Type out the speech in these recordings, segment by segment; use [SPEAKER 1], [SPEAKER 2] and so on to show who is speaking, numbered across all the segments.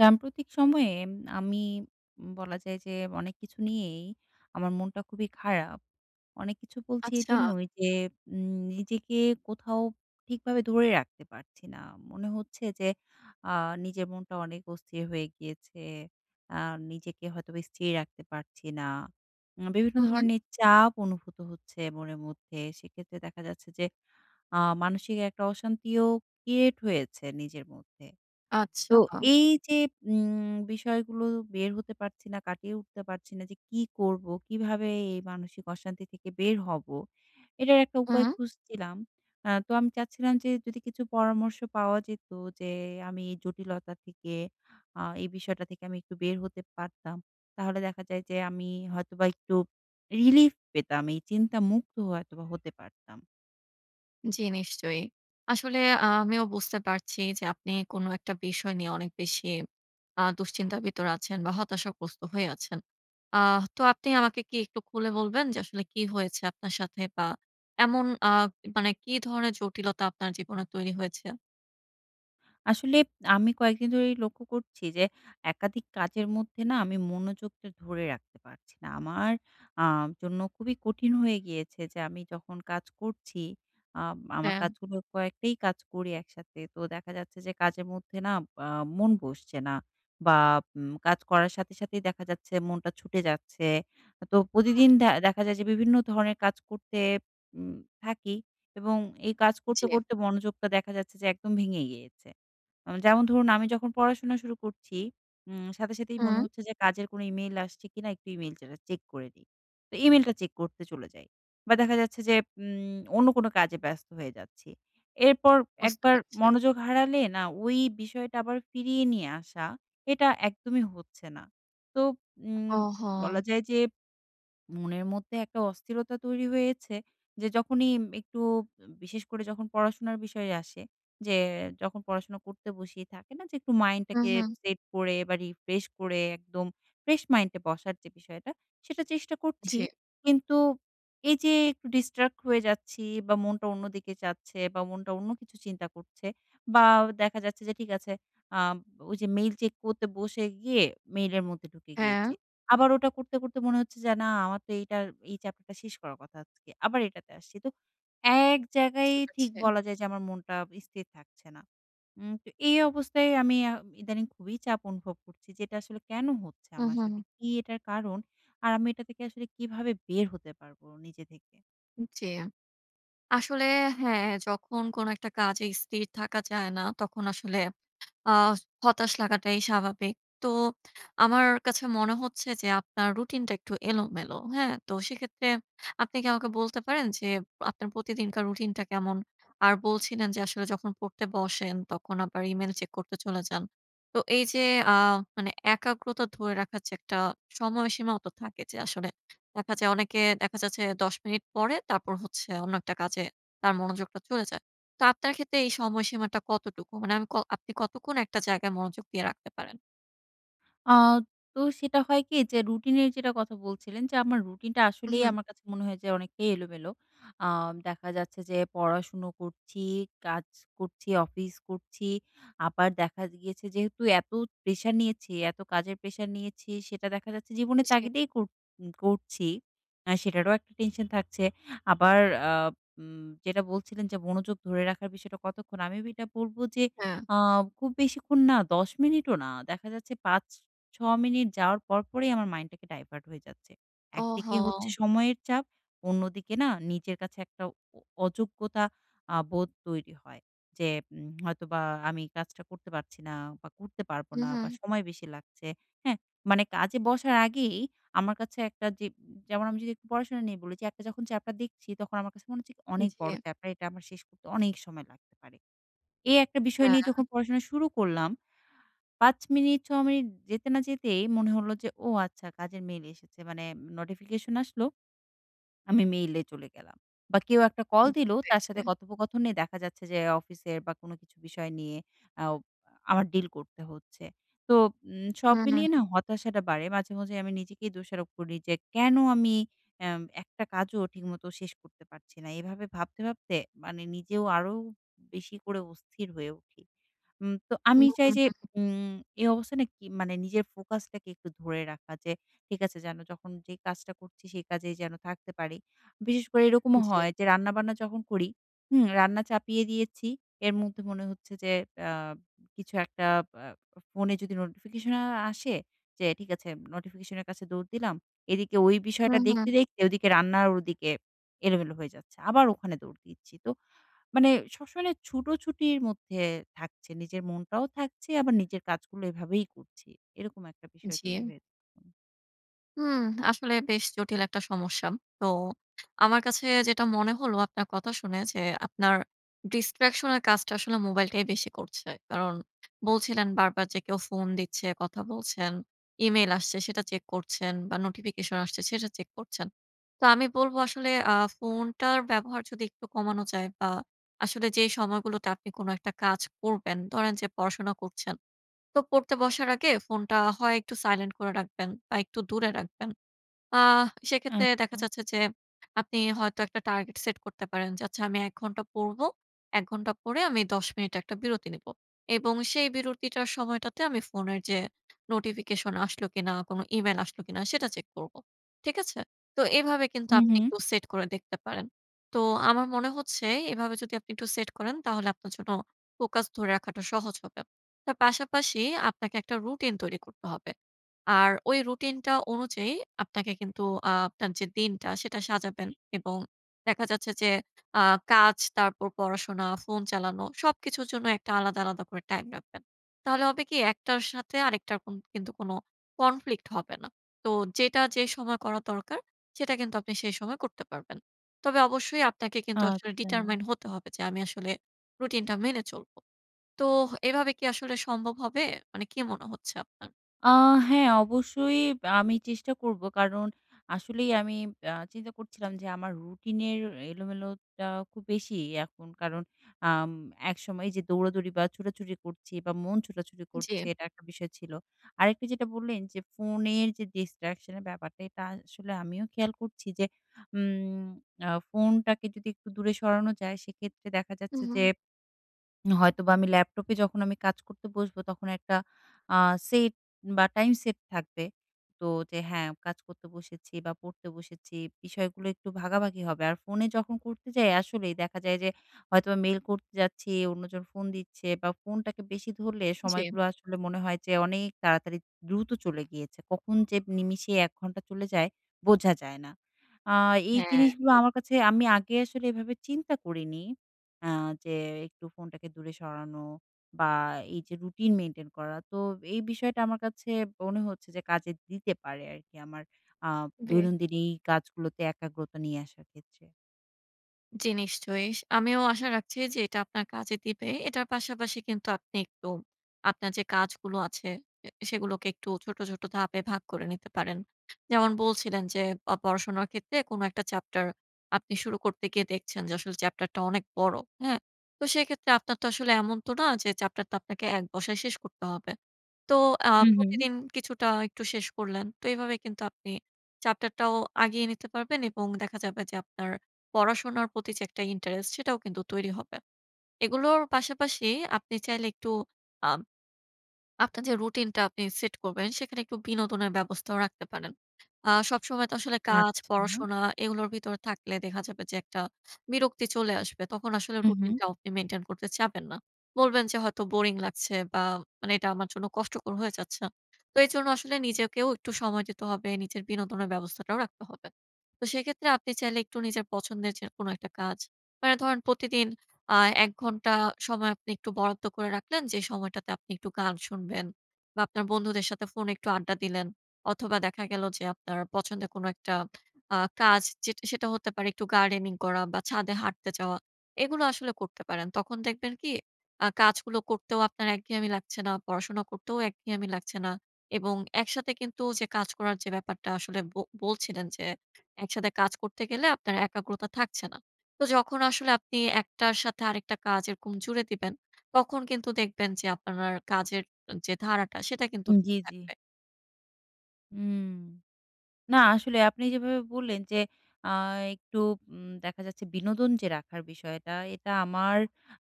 [SPEAKER 1] সাম্প্রতিক সময়ে আমি বলা যায় যে অনেক কিছু নিয়েই আমার মনটা খুবই খারাপ। অনেক কিছু বলছি
[SPEAKER 2] আচ্ছা।
[SPEAKER 1] এইজন্যই যে নিজেকে কোথাও ঠিকভাবে ধরে রাখতে পারছি না। মনে হচ্ছে যে আ নিজের মনটা অনেক অস্থির হয়ে গিয়েছে। আর নিজেকে হয়তো বা স্থির রাখতে পারছি না। আ বিভিন্ন
[SPEAKER 2] হু, হু।
[SPEAKER 1] ধরনের চাপ অনুভূত হচ্ছে মনের মধ্যে। সেক্ষেত্রে দেখা যাচ্ছে যে আ মানসিক একটা অশান্তিও ক্রিয়েট হয়েছে নিজের মধ্যে। তো
[SPEAKER 2] আচ্ছা।
[SPEAKER 1] এই যে উম বিষয়গুলো বের হতে পারছি না, কাটিয়ে উঠতে পারছি না যে কি করবো? কিভাবে এই মানসিক অশান্তি থেকে বের হব? এটার একটা উপায়
[SPEAKER 2] হুম।
[SPEAKER 1] খুঁজছিলাম। আ তো আমি চাচ্ছিলাম যে, যদি কিছু পরামর্শ পাওয়া যেত, যে আমি এই জটিলতা থেকে আ এই বিষয়টা থেকে আমি একটু বের হতে পারতাম। তাহলে দেখা যায় যে আমি হয়তোবা একটু রিলিফ পেতাম এই চিন্তামুক্ত হয়তোবা হতে পারতাম।
[SPEAKER 2] জ্বি, নিশ্চয়ই! আসলে আ আমিও বুঝতে পারছি যে আপনি কোন একটা বিষয় নিয়ে অনেক বেশি আ দুশ্চিন্তা ভিতর আছেন বা হতাশাগ্রস্ত হয়ে আছেন। আহ তো আপনি আমাকে কি একটু খুলে বলবেন যে আসলে কি হয়েছে আপনার সাথে বা এমন আ মানে কি ধরনের জটিলতা আপনার জীবনে তৈরি হয়েছে?
[SPEAKER 1] আসলে আমি কয়েকদিন ধরেই লক্ষ্য করছি যে, একাধিক কাজের মধ্যে না আমি মনোযোগটা ধরে রাখতে পারছি না। আমার আ জন্য খুবই কঠিন হয়ে গিয়েছে, যে আমি যখন কাজ করছি আম আমার
[SPEAKER 2] হ্যাঁ।
[SPEAKER 1] কাজগুলো কয়েকটাই কাজ করি একসাথে। তো দেখা যাচ্ছে যে কাজের মধ্যে না আ মন বসছে না। বা উম কাজ করার সাথে, সাথেই দেখা যাচ্ছে মনটা ছুটে যাচ্ছে। তো প্রতিদিন
[SPEAKER 2] হু।
[SPEAKER 1] দে দেখা যায় যে বিভিন্ন ধরনের কাজ করতে উম থাকি এবং এই কাজ করতে,
[SPEAKER 2] জী।
[SPEAKER 1] করতে মনোযোগটা দেখা যাচ্ছে যে একদম ভেঙে গিয়েছে। যেমন ধরুন আমি যখন পড়াশোনা শুরু করছি, উম সাথে, সাথেই মনে
[SPEAKER 2] হুম।
[SPEAKER 1] হচ্ছে যে কাজের কোন ইমেইল আসছে কিনা একটু ইমেইল চে চেক করে দি। তো ইমেইলটা চেক করতে চলে যাই। বা দেখা যাচ্ছে যে উম অন্য কোনো কাজে ব্যস্ত হয়ে যাচ্ছি। এরপর
[SPEAKER 2] বুঝতে
[SPEAKER 1] একবার
[SPEAKER 2] পারছি।
[SPEAKER 1] মনোযোগ হারালে না, ওই বিষয়টা আবার ফিরিয়ে নিয়ে আসা এটা একদমই হচ্ছে না। তো উম
[SPEAKER 2] ওহো!
[SPEAKER 1] বলা যায় যে মনের মধ্যে একটা অস্থিরতা তৈরি হয়েছে, যে যখনই একটু বিশেষ করে যখন পড়াশোনার বিষয়ে আসে যে যখন পড়াশোনা করতে বসিয়ে থাকে না যে একটু
[SPEAKER 2] হু,
[SPEAKER 1] মাইন্ডটাকে
[SPEAKER 2] হু।
[SPEAKER 1] সেট করে বা রিফ্রেশ করে একদম ফ্রেশ মাইন্ড এ বসার যে বিষয়টা সেটা চেষ্টা করছি।
[SPEAKER 2] জী।
[SPEAKER 1] কিন্তু এই যে একটু distract হয়ে যাচ্ছি বা মনটা অন্য দিকে যাচ্ছে বা মনটা অন্য কিছু চিন্তা করছে বা দেখা যাচ্ছে যে ঠিক আছে আ ওই যে মেইল চেক করতে বসে গিয়ে মেইলের মধ্যে ঢুকে গিয়েছি।
[SPEAKER 2] হ্যাঁ।
[SPEAKER 1] আবার ওটা করতে, করতে মনে হচ্ছে যে না আমার তো এইটা এই চ্যাপ্টারটা শেষ করার কথা আজকে আবার এটাতে আসছি তো ১ জায়গায়
[SPEAKER 2] বুঝতে
[SPEAKER 1] ঠিক
[SPEAKER 2] পারছি।
[SPEAKER 1] বলা যায় যে আমার মনটা স্থির থাকছে না। উম তো এই অবস্থায় আমি আ ইদানিং খুবই চাপ অনুভব করছি যে এটা আসলে কেন হচ্ছে
[SPEAKER 2] হু,
[SPEAKER 1] আমার সাথে?
[SPEAKER 2] হু।
[SPEAKER 1] কি এটার কারণ? আর আমি এটা থেকে আসলে কিভাবে বের হতে পারবো নিজে থেকে?
[SPEAKER 2] জী, আসলে হ্যাঁ, যখন কোন একটা কাজে স্থির থাকা যায় না, তখন আসলে আ হতাশ লাগাটাই স্বাভাবিক। তো আমার কাছে মনে হচ্ছে যে আপনার রুটিনটা একটু এলোমেলো। হ্যাঁ? তো সেক্ষেত্রে আপনি কি আমাকে বলতে পারেন, যে আপনার প্রতিদিনকার রুটিন টা কেমন আর বলছিলেন যে আসলে যখন পড়তে বসেন তখন আবার ইমেইল চেক করতে চলে যান। তো এই যে আ মানে একাগ্রতা ধরে রাখার যে একটা সময়সীমাও তো থাকে, যে আসলে দেখা যায় অনেকে দেখা যাচ্ছে ১০ মিনিট পরে তারপর হচ্ছে অন্য একটা কাজে তার মনোযোগটা চলে যায়। তো আপনার ক্ষেত্রে এই সময়সীমাটা কতটুকু? মানে আমি আপনি কতক্ষণ একটা জায়গায় মনোযোগ দিয়ে রাখতে পারেন?
[SPEAKER 1] আ তো সেটা হয় কি যে রুটিন এর যেটা কথা বলছিলেন, যে আমার রুটিন টা আসলেই
[SPEAKER 2] উহু।
[SPEAKER 1] আমার কাছে মনে হয় যে অনেকেই এলোমেলো। আ দেখা যাচ্ছে যে পড়াশোনা করছি, কাজ করছি, অফিস করছি। আবার দেখা গিয়েছে যেহেতু এত প্রেশার নিয়েছি, এত কাজের প্রেশার নিয়েছি সেটা দেখা যাচ্ছে জীবনের
[SPEAKER 2] জি।
[SPEAKER 1] তাগিদেই কর করছি। অ্যা সেটারও একটা টেনশন থাকছে। আবার আ উম যেটা বলছিলেন যে "মনোযোগ ধরে রাখার বিষয়টা কতক্ষণ?" আমি এটা বলবো যে
[SPEAKER 2] হ্যাঁ।
[SPEAKER 1] আ খুব বেশিক্ষণ না ১০ মিনিটও না। দেখা যাচ্ছে ৫-৬ মিনিট। যাওয়ার পর, পরই আমার মাইন্ড টাকে ডাইভার্ট হয়ে যাচ্ছে। একদিকে হচ্ছে
[SPEAKER 2] ওহো!
[SPEAKER 1] সময়ের চাপ, অন্যদিকে না নিজের কাছে একটা অ অযোগ্যতা আ বোধ তৈরি হয়। যে উম হয়তোবা আমি কাজটা করতে পারছি না বা করতে পারব না বা
[SPEAKER 2] উহু।
[SPEAKER 1] সময় বেশি লাগছে। হ্যাঁ? মানে কাজে বসার আগেই, আমার কাছে একটা যে যেমন আমি যদি পড়াশোনা নিয়ে বলেছি যখন চ্যাপটার দেখছি তখন আমার কাছে মনে হচ্ছে "অনেক বড়
[SPEAKER 2] জি।
[SPEAKER 1] চ্যাপটা এটা আমার শেষ করতে অনেক সময় লাগতে পারে।" এই একটা বিষয় নিয়ে
[SPEAKER 2] হ্যাঁ।
[SPEAKER 1] যখন পড়াশোনা শুরু করলাম। ৫ মিনিট ৬ মিনিট যেতে না যেতেই, মনে হল যে ও আচ্ছা কাজের মেইল এসেছে। মানে নোটিফিকেশন আসলো। আমি মেইলে চলে গেলাম। বা কেউ একটা কল
[SPEAKER 2] বুঝতে
[SPEAKER 1] দিলো তার
[SPEAKER 2] পেরেছি।
[SPEAKER 1] সাথে কথোপকথনে দেখা যাচ্ছে যে অফিসের বা কোন কিছু বিষয় নিয়ে আও আমার ডিল করতে হচ্ছে। তো উম সব
[SPEAKER 2] হুম,
[SPEAKER 1] মিলিয়ে
[SPEAKER 2] হুম।
[SPEAKER 1] না হতাশাটা বাড়ে। মাঝে, মাঝে আমি নিজেকেই দোষারোপ করি, যে কেন আমি এম একটা কাজও ঠিকমতো শেষ করতে পারছি না। এভাবে ভাবতে, ভাবতে মানে নিজেও আরো বেশি করে অস্থির হয়ে উঠি। উম তো আমি চাই
[SPEAKER 2] হুম।
[SPEAKER 1] যে উম এই অবস্থানে কি মানে নিজের ফোকাস টাকে একটু ধরে রাখা, যে ঠিক আছে যেন যখন যে কাজটা করছি সেই কাজেই যেন থাকতে পারি। বিশেষ করে এরকমও
[SPEAKER 2] জি।
[SPEAKER 1] হয়, যে রান্না-বান্না যখন করি, হুম রান্না চাপিয়ে দিয়েছি। এর মধ্যে মনে হচ্ছে যে অ্যা কিছু একটা অ্যা ফোনে যদি নোটিফিকেশন আসে যে ঠিক আছে নোটিফিকেশন এর কাছে দৌড় দিলাম। এদিকে ওই
[SPEAKER 2] হু,
[SPEAKER 1] বিষয়টা দেখতে,
[SPEAKER 2] হু।
[SPEAKER 1] দেখতে ওদিকে রান্না ওদিকে এলোমেলো হয়ে যাচ্ছে। আবার ওখানে দৌড় দিচ্ছি। তো মানে সবসময় ছুটোছুটির মধ্যে থাকছে, নিজের মনটাও থাকছে আবার নিজের কাজগুলো এভাবেই করছি। এরকম একটা বিষয় তৈরি
[SPEAKER 2] জী।
[SPEAKER 1] হয়ে।
[SPEAKER 2] হু, আসলে বেশ জটিল একটা সমস্যা। তো আমার কাছে যেটা মনে হলো আপনার কথা শুনে যে আপনার Distraction এর কাজটা আসলে মোবাইলটাই বেশি করছে। কারণ বলছিলেন বারবার যে কেউ ফোন দিচ্ছে, কথা বলছেন, ইমেইল আসছে সেটা চেক করছেন বা নোটিফিকেশন আসছে সেটা চেক করছেন। তো আমি বলবো আসলে আ ফোনটার ব্যবহার যদি একটু কমানো যায় বা আসলে যেই সময়গুলোতে আপনি কোন একটা কাজ করবেন, ধরেন যে পড়াশোনা করছেন। তো পড়তে বসার আগে ফোনটা হয় একটু সাইলেন্ট করে রাখবেন বা একটু দূরে রাখবেন। আ সেক্ষেত্রে দেখা
[SPEAKER 1] আচ্ছা।
[SPEAKER 2] যাচ্ছে যে, আপনি হয়তো একটা টার্গেট সেট করতে পারেন, যে আচ্ছা আমি ১ ঘণ্টা পড়বো। ১ ঘন্টা পড়ে আমি ১০ মিনিট একটা বিরতি নিবো এবং সেই বিরতিটার সময়টাতে আমি ফোনের যে নোটিফিকেশন আসলো কিনা? কোন ইমেইল আসল কিনা? সেটা চেক করবো। ঠিক আছে? তো এভাবে কিন্তু
[SPEAKER 1] হু,
[SPEAKER 2] আপনি
[SPEAKER 1] হু।
[SPEAKER 2] একটু সেট করে দেখতে পারেন। তো আমার মনে হচ্ছে এইভাবে যদি আপনি একটু সেট করেন তাহলে আপনার জন্য ফোকাস ধরে রাখাটা সহজ হবে। তার পাশাপাশি আপনাকে একটা রুটিন তৈরি করতে হবে। আর ওই রুটিনটা অনুযায়ী আপনাকে কিন্তু আ আপনার যে দিনটা সেটা সাজাবেন এবং দেখা যাচ্ছে যে আ কাজ তারপর পড়াশোনা, ফোন চালানো সবকিছুর জন্য একটা আলাদা, আলাদা করে টাইম রাখবেন। তাহলে হবে কি একটার সাথে আরেকটার কন কিন্তু কোন conflict হবে না। তো যেটা যে সময় করা দরকার, সেটা কিন্তু আপনি সেই সময় করতে পারবেন। তবে অবশ্যই আপনাকে কিন্তু আসলে
[SPEAKER 1] আচ্ছা।
[SPEAKER 2] determine হতে হবে যে আমি আসলে রুটিনটা মেনে চলবো। তোহ এভাবে কি আসলে সম্ভব হবে? মানে কী মনে হচ্ছে আপনার?
[SPEAKER 1] আ হ্যাঁ অবশ্যই আ আমি চেষ্টা করব। কারণ আসলেই আমি আ চিন্তা করছিলাম যে আমার রুটিনের এলোমেলোটা খুব বেশি এখন কারণ আম একসময় যে দৌড়াদৌড়ি বা ছোটাছুটি করছি বা মন ছোটাছুটি করছে
[SPEAKER 2] জী।
[SPEAKER 1] এটা একটা বিষয় ছিল। আরেকটা যেটা বললেন যে, ফোনের যে Distraction এর ব্যাপারটা, এটা আসলে আমিও খেয়াল করছি যে উম আ ফোনটাকে যদি একটু দূরে সরানো যায় সেক্ষেত্রে দেখা যাচ্ছে যে
[SPEAKER 2] উহুম।
[SPEAKER 1] হয়তোবা আমি ল্যাপটপে যখন আমি কাজ করতে বসবো তখন একটা আ সেট বা টাইম সেট থাকবে। তো যে হ্যাঁ, কাজ করতে বসেছি বা পড়তে বসেছি বিষয়গুলো একটু ভাগাভাগি হবে। আর ফোনে যখন করতে যাই আসলেই, দেখা যায় যে হয়তোবা মেইল করতে যাচ্ছি, অন্যজন ফোন দিচ্ছে বা ফোনটাকে বেশি ধরলে
[SPEAKER 2] জি।
[SPEAKER 1] সময়গুলো আসলে মনে হয় যে অনেক তাড়াতাড়ি দ্রুত চলে গিয়েছে। কখন যে নিমিষে ১ ঘন্টা চলে যায় বোঝা যায় না। আ এই
[SPEAKER 2] হ্যাঁ
[SPEAKER 1] জিনিসগুলো
[SPEAKER 2] ঠিক।
[SPEAKER 1] আমার কাছে আমি আগে আসলে এভাবে চিন্তা করিনি। আ যে একটু ফোনটাকে দূরে সরানো বা এই যে রুটিন মেইনটেইন করা। তো এই বিষয়টা আমার কাছে মনে হচ্ছে যে, কাজে দিতে পারে আরকি আমার আ
[SPEAKER 2] বে
[SPEAKER 1] দৈনন্দিন এই কাজগুলোতে একাগ্রতা নিয়ে আসার ক্ষেত্রে।
[SPEAKER 2] জ্বি, নিশ্চয়ই। আমিও আশা রাখছি যে এটা আপনার কাজে দিবে। এটার পাশাপাশি কিন্তু আপনি একটু আপনার যে কাজগুলো আছে অ্যা সেগুলোকে একটু ছোট, ছোট ধাপে ভাগ করে নিতে পারেন। যেমন বলছিলেন যে, অ পড়াশোনার ক্ষেত্রে কোন একটা চ্যাপ্টার আপনি শুরু করতে গিয়ে দেখছেন যে আসলে চ্যাপ্টারটা অনেক বড়। হ্যাঁ? তো সেক্ষেত্রে আপনার তো আসলে এমন না যে চ্যাপ্টারটা আপনাকে ১ বসায় শেষ করতে হবে। তো আ
[SPEAKER 1] হু, হুম।
[SPEAKER 2] প্রতিদিন কিছুটা একটু শেষ করলেন। তো এভাবেই কিন্তু আপনি চ্যাপ্টারটাও আগিয়ে নিতে পারবেন এবং দেখা যাবে যে আপনার পড়াশোনার প্রতি যে একটা ইন্টারেস্ট সেটাও কিন্তু তৈরি হবে। এগুলোর পাশাপাশি আপনি চাইলে একটু আব আপনার যে রুটিনটা আপনি সেট করবেন সেখানে একটু বিনোদনের ব্যবস্থাও রাখতে পারেন। আ সবসময় তো আসলে কাজ,
[SPEAKER 1] আচ্ছা।
[SPEAKER 2] পড়াশোনা, এগুলোর ভিতরে থাকলে দেখা যাবে যে একটা বিরক্তি চলে আসবে। তখন আসলে
[SPEAKER 1] হু, হু।
[SPEAKER 2] রুটিনটাও আপনি মেইনটেইন করতে চাবেন না। বলবেন যে হয়তো বোরিং লাগছে বা মানে এটা আমার জন্য কষ্টকর হয়ে যাচ্ছে। তো এজন্য আসলে নিজেকেও একটু সময় দিতে হবে। নিজের বিনোদনের ব্যবস্থাটাও রাখতে হবে। তো সেক্ষেত্রে আপনি চাইলে একটু নিজের পছন্দের যে কোনো একটা কাজ। মানে ধরেন প্রতিদিন অ্যা ১ ঘন্টা সময় আপনি একটু বরাদ্দ করে রাখলেন যে সময়টাতে আপনি একটু গান শুনবেন বা আপনার বন্ধুদের সাথে ফোনে একটু আড্ডা দিলেন অথবা দেখা গেল যে আপনার পছন্দের কোনো একটা আ কাজ সেটা হতে পারে একটু গার্ডেনিং করা বা ছাদে হাঁটতে যাওয়া। এগুলো আসলে করতে পারেন। তখন দেখবেন কি আ কাজগুলো করতেও আপনার একঘেয়ামি লাগছে না। পড়াশোনা করতেও একঘেয়ামি লাগছে না এবং একসাথে কিন্তু যে কাজ করার যে ব্যাপারটা আসলে ব বলছিলেন যে একসাথে কাজ করতে গেলে আপনার একাগ্রতা থাকছে না। তো যখন আসলে আপনি ১ টার সাথে আরেকটা কাজ এরকম জুড়ে দিবেন তখন কিন্তু দেখবেন যে আপনার কাজের যে ধারাটা সেটা কিন্তু
[SPEAKER 1] জি,
[SPEAKER 2] ঠিক
[SPEAKER 1] জি।
[SPEAKER 2] থাকবে।
[SPEAKER 1] হুম। না আসলে আপনি যেভাবে বললেন যে আ একটু উম দেখা যাচ্ছে বিনোদন যে রাখার বিষয়টা এটা আমার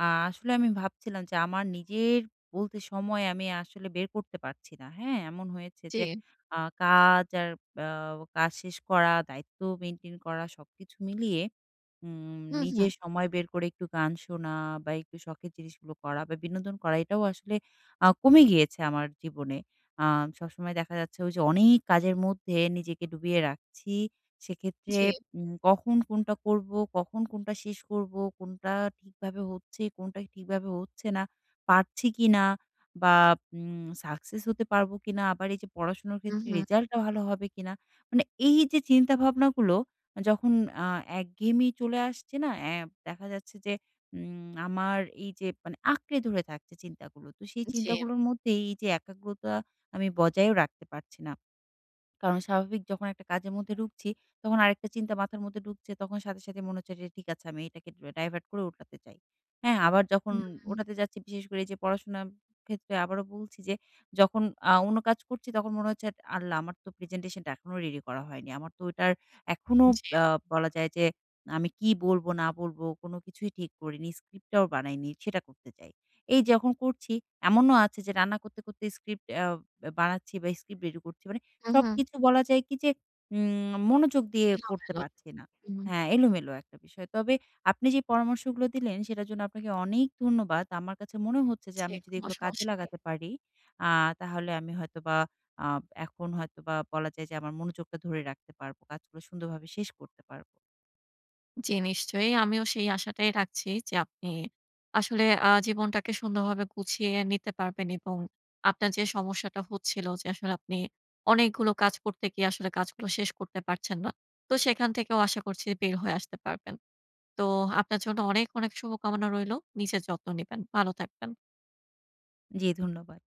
[SPEAKER 1] আ আসলে আমি ভাবছিলাম যে আমার নিজের বলতে সময় আমি আসলে বের করতে পারছি না, হ্যাঁ? এমন হয়েছে যে
[SPEAKER 2] জি।
[SPEAKER 1] আ কাজ আর আ কাজ শেষ করা, দায়িত্ব মেইনটেইন করা সবকিছু মিলিয়ে উম
[SPEAKER 2] হুঁ, হুঁ।
[SPEAKER 1] নিজের সময় বের করে একটু গান শোনা বা একটু শখের জিনিসগুলো করা বা বিনোদন করা এটাও আসলে আ কমে গিয়েছে আমার জীবনে। আ সবসময় দেখা যাচ্ছে ঐযে অনেক কাজের মধ্যে নিজেকে ডুবিয়ে রাখছি। সেক্ষেত্রে
[SPEAKER 2] জি।
[SPEAKER 1] উম কখন কোনটা করবো? কখন কোনটা শেষ করবো? কোনটা ঠিকভাবে হচ্ছে? কোনটা ঠিকভাবে হচ্ছে না? পারছি কিনা বা উম সাকসেস হতে পারবো কিনা? আবার এইযে পড়াশোনার
[SPEAKER 2] হু,
[SPEAKER 1] ক্ষেত্রে
[SPEAKER 2] হু।
[SPEAKER 1] রেজাল্টটা ভালো হবে কিনা? মানে এইযে চিন্তা ভাবনাগুলো যখন আ একঘেয়েমি চলে আসছে না? অ্যা দেখা যাচ্ছে যে উম আমার এইযে মানে আঁকড়ে ধরে থাকছে চিন্তাগুলো। তো সেই
[SPEAKER 2] জি।
[SPEAKER 1] চিন্তাগুলোর মধ্যেই এইযে একাগ্রতা আমি বজায়ও রাখতে পারছি না। কারণ স্বাভাবিক যখন একটা কাজের মধ্যে ঢুকছি তখন আরেকটা চিন্তা মাথার মধ্যে ঢুকছে, তখন সাথে, সাথে মনে হচ্ছে যে ঠিক আছে আমি এটাকে ডাইভার্ট করে ওটাতে যাই, হ্যাঁ? আবার যখন
[SPEAKER 2] হুম।
[SPEAKER 1] ওটাতে যাচ্ছি বিশেষ করে এইযে পড়াশোনার ক্ষেত্রে আবারও বলছি যে যখন আ অন্য কাজ করছি তখন মনে হচ্ছে "আল্লাহ! আমার তো প্রেজেন্টেশন টা এখনো রেডি করা হয়নি, আমার তো ওটার এখনো
[SPEAKER 2] জি।
[SPEAKER 1] আ বলা যায় যে আমি কি বলবো, না বলবো, কোনো কিছুই ঠিক করিনি, স্ক্রিপ্টটাও বানাইনি।" সেটা করতে চাই। এই যখন করছি এমনও আছে যে রান্না করতে, করতে স্ক্রিপ্ট অ্যা বানাচ্ছি বা স্ক্রিপ্ট রেডি করছি। মানে
[SPEAKER 2] হু, হু।
[SPEAKER 1] সবকিছু বলা যায় কি যে উম মনোযোগ দিয়ে করতে
[SPEAKER 2] এলোমেলো।
[SPEAKER 1] পারছি না।
[SPEAKER 2] হু, হু।
[SPEAKER 1] হ্যাঁ, এলোমেলো একটা বিষয়। তবে আপনি যে পরামর্শগুলো দিলেন সেটার জন্য আপনাকে অনেক ধন্যবাদ। আমার কাছে মনে হচ্ছে যে
[SPEAKER 2] জি,
[SPEAKER 1] আমি যদি
[SPEAKER 2] কোনো
[SPEAKER 1] এগুলো কাজে
[SPEAKER 2] সমস্যা নেই।
[SPEAKER 1] লাগাতে পারি আ তাহলে আমি হয়তোবা আ এখন হয়তোবা বলা যায় যে, আমার মনোযোগটা ধরে রাখতে পারবো। কাজগুলো সুন্দরভাবে শেষ করতে পারবো।
[SPEAKER 2] জ্বী নিশ্চয়ই। আমিও সেই আশাটাই রাখছি যে আপনি আসলে আ জীবনটাকে সুন্দরভাবে গুছিয়ে নিতে পারবেন এবং আপনার যে সমস্যাটা হচ্ছিলো যে, আসলে আপনি অনেকগুলো কাজ করতে গিয়ে আসলে কাজগুলো শেষ করতে পারছেন না। তো সেখান থেকেও আশা করছি বের হয়ে আসতে পারবেন। তো আপনার জন্য অনেক, অনেক শুভকামনা রইলো। নিজের যত্ন নিবেন, ভালো থাকবেন।
[SPEAKER 1] জী, ধন্যবাদ।